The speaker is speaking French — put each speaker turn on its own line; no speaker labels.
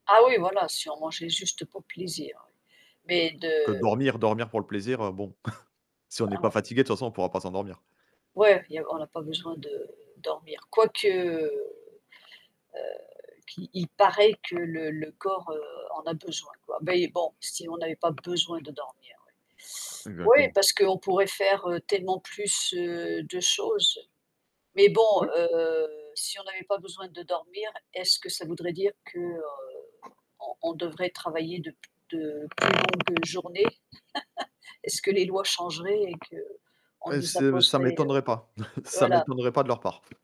Ah oui voilà, si on mangeait juste pour le plaisir oui mais de
Que dormir dormir pour le plaisir, heu bon, si on n'est
Ah
pas
ouais.
fatigués, de toute façon, on pourra pas s'endormir.
Ouais, il y a on n'a pas besoin de dormir. Quoique, heu, qu'il il paraît que le le corps, heu, en a besoin, quoi. Mais bon si on n'avait pas besoin de dormir, ouais. Oui,
Exactement.
parce qu'on pourrait faire, heu, tellement plus, heu, de choses. Mais bon,
Ouais.
heu, si on n'avait pas besoin de dormir, est-ce que ça voudrait dire que, heu, on on devrait travailler de p de plus longues journées? Est-ce que les lois changeraient et qu'on
Heu,
nous
c'est ça
imposerait, heu
m'étonnerait pas. Ça
voilà.
m'étonnerait pas de leur part.